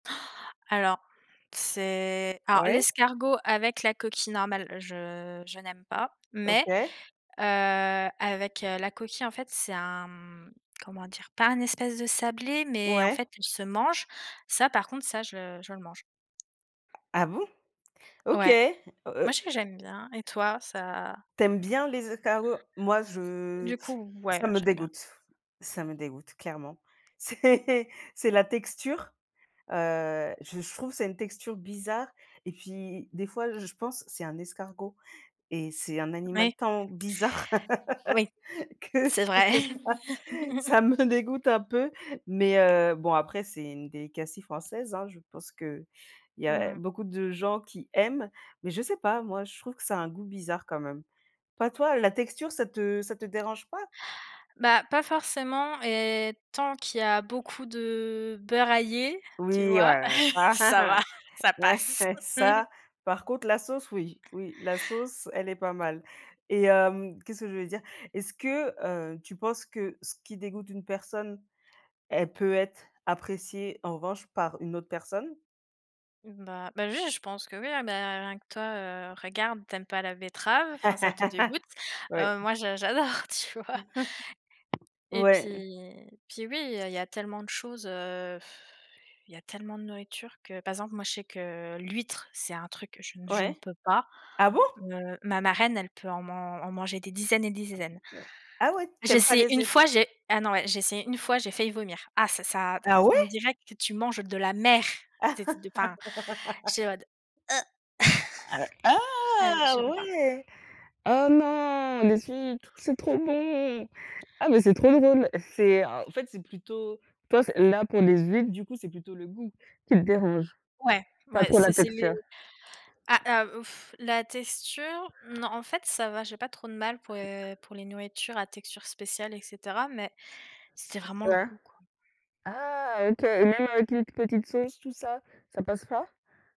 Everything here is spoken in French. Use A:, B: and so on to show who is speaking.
A: Alors, c'est alors
B: Ouais.
A: l'escargot avec la coquille normale, je je n'aime pas mais
B: OK.
A: heu, avec heu, la coquille, en fait, c'est un, mmh, comment dire? Pas un espèce de sablé, mais en
B: Ouais.
A: fait, il se mange, ça par contre, ça, je je le mange.
B: Ah bon? OK,
A: Ouais.
B: oh,
A: Moi,
B: heu
A: je sais que j'aime bien et toi,
B: t
A: ça?
B: tu aimes bien les escargots? Moi, je
A: Du coup,
B: ça
A: ouais,
B: me
A: j'aime bien.
B: dégoûte ça me dégoûte, clairement. C'est c'est la texture, heu, je je trouve que c'est une texture bizarre et puis, des fois, je pense, c'est un escargot et c'est un animal
A: Oui.
B: tant bizarre
A: Oui.
B: que
A: C'est
B: je sais
A: vrai.
B: pas, ça me dégoûte un peu, mais heu, bon, après c'est une delicacy française, hein. Je pense qu'il y a
A: Mmh mh.
B: beaucoup de gens qui aiment mais je sais pas, moi, je trouve que ça a un goût bizarre quand même, pas toi? La texture, ça te ça te dérange pas?
A: Bah, pas forcément et tant qu'il y a beaucoup de beurre aillé, tu
B: Oui,
A: vois?
B: ouais, ça,
A: Ça va, ça
B: ouais,
A: passe!
B: ça, par contre, la sauce, oui, oui, la sauce, elle est pas mal et hem, qu'est-ce que je voulais dire? Est-ce que, heu, tu penses que ce qui dégoûte une personne, elle peut être appréciée en revanche par une autre personne?
A: Bah bah, oui, je pense que, oui, ah, beh, rien que toi, heu, regarde, tu aimes pas la betterave, enfin, ça te dégoûte,
B: Oui.
A: heu, moi, j'a j'adore, tu vois? Et puis
B: Ouais.
A: et puis, oui, il y a il y a tellement de choses, heu, il y a tellement de nourriture que, par exemple, moi, je sais que, heu, l'huître, c'est un truc que je je ne
B: Ouais.
A: peux pas,
B: Ah bon?
A: heu, ma marraine, elle peut en man en manger des dizaines et des dizaines.
B: Ah ouais? Tu
A: J'ai
B: aimes pas
A: essayé
B: les
A: 1
B: hui
A: fois, j'ai ah non, ouais, j'ai essayé 1 fois, j'ai failli vomir! Ah ça ça d d
B: Ah
A: on on
B: ouais?
A: dirait que tu manges de la mer! C'est c enfin, j'étais en mode: «heu»!
B: Heu,
A: Ah!
B: ah,
A: Je peux pas!
B: ouais! Ah non, les huîtres, c'est trop bon! Ah, mais c'est trop drôle! C'est en fait, c'est plutôt toi, c là, pour les huîtres, du coup, c'est plutôt le goût qui te dérange?
A: Ouais,
B: Pas
A: ouais,
B: trop la
A: c'est c'est les
B: texture?
A: ah, ah, la texture, non, en fait, ça va, j'ai pas trop de mal pour, heu, pour les nourritures à texture spéciale et cetera mais c'était vraiment le
B: Ouais.
A: goût, quoi.
B: Ah, OK et même avec une petite sauce, tout ça, ça passe pas?